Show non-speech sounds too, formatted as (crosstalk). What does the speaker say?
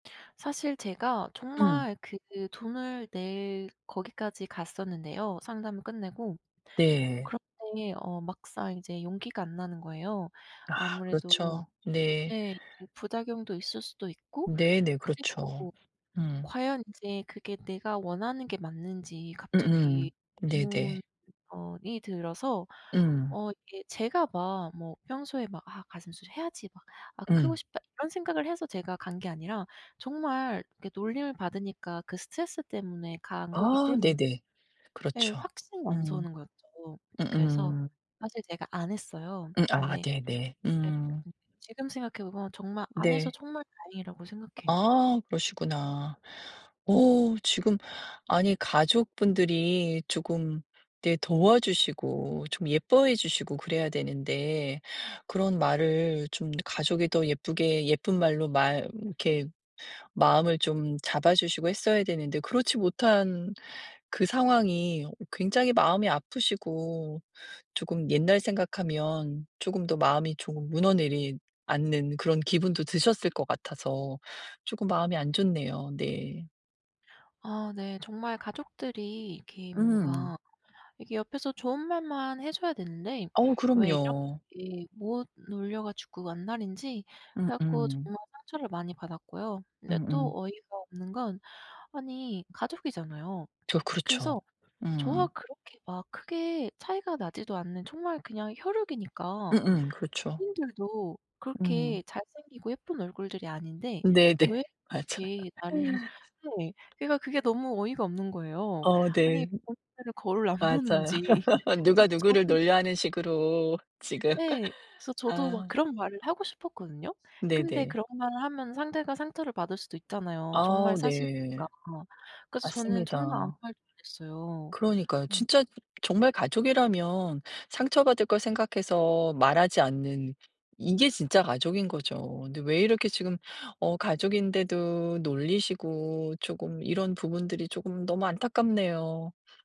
사실 제가 음. 정말 그 돈을 낼 거기까지 갔었는데요, 상담을 끝내고. 네. 그런데 어 막상 이제 용기가 안 나는 거예요. 아 아무래도 그렇죠. 네. 예 이제 부작용도 있을 수도 있고 네네. 그렇죠. 그리고 음. 과연 이제 그게 내가 원하는 게 맞는지 갑자기 음음 의문 네네. 어 이 들어서 음. 어 이게 제가 막 뭐 평소에 막 '아 가슴 수술해야지.' 막 '아 크고 음. 싶다.' 이런 생각을 해서 제가 간 게 아니라 정말 이렇게 놀림을 받으니까 그 스트레스 때문에 간 거기 아 때문에 네네. 예 그렇죠. 확신이 안 음. 서는 거였죠. 그래서 으음. 사실 제가 안 했어요. 음 아 근데 네네. 예 음. 근데 지금 생각해 보면 정말 안 해서 네. 정말 다행이라고 생각해요. 아 그러시구나. 어 지금 아니 가족분들이 조금 이렇게 도와주시고 좀 예뻐해 주시고 그래야 되는데 그런 말을 좀 가족이 더 예쁘게 예쁜 말로 말 이렇게 마음을 좀 잡아 주시고 했어야 되는데 그렇지 못한 그 상황이 어 굉장히 마음이 아프시고 쪼금 옛날 생각하면 쪼금 더 마음이 조금 무너내리 앉는 그런 기분도 드셨을 것 같아서 쪼금 마음이 안 좋네요. 네. 아 네. 정말 가족들이 이렇게 음. 뭔가 이게 옆에서 좋은 말만 해줘야 되는데 어 왜 그럼요. 이렇게 못 놀려 가지고 안달인지 그래갖고 음음. 정말 상처를 많이 받았고요. 근데 또 음음. 어이가 없는 건 아니 가족이잖아요. 저 그래서 그렇죠. 저와 음. 그렇게 막 크게 차이가 나지도 않는 정말 그냥 혈육이니까 음음 그렇죠. 본인들도 음. 그렇게 잘생기고 예쁜 얼굴들이 아닌데 네네. 왜 맞아요. 그렇게 나를 (laughs) 네. 그러니까 그게 너무 어이가 없는 거예요. 어 네. 아니 본인들은 거울 안 맞아요. 보는지. (laughs) 저 '누가 누구를 저도 놀려.' 하는 식으로 지금 예. 그래서 저도 막 아. 그런 말을 하고 싶었거든요. 근데 네네. 그런 말을 하면 상대가 상처를 받을 수도 있잖아요. 정말 아 네. 사실이니까. 그래서 저는 정말 아무 맞습니다. 말도 안 했어요. 그러니까요. 음. 진짜 정말 가족이라면 상처 받을 걸 생각해서 말하지 않는 이게 진짜 가족인거죠. 근데 왜 이렇게 지금 어 가족인데도 놀리시고 쪼금 이런 부분들이 쪼금 너무 안타깝네요.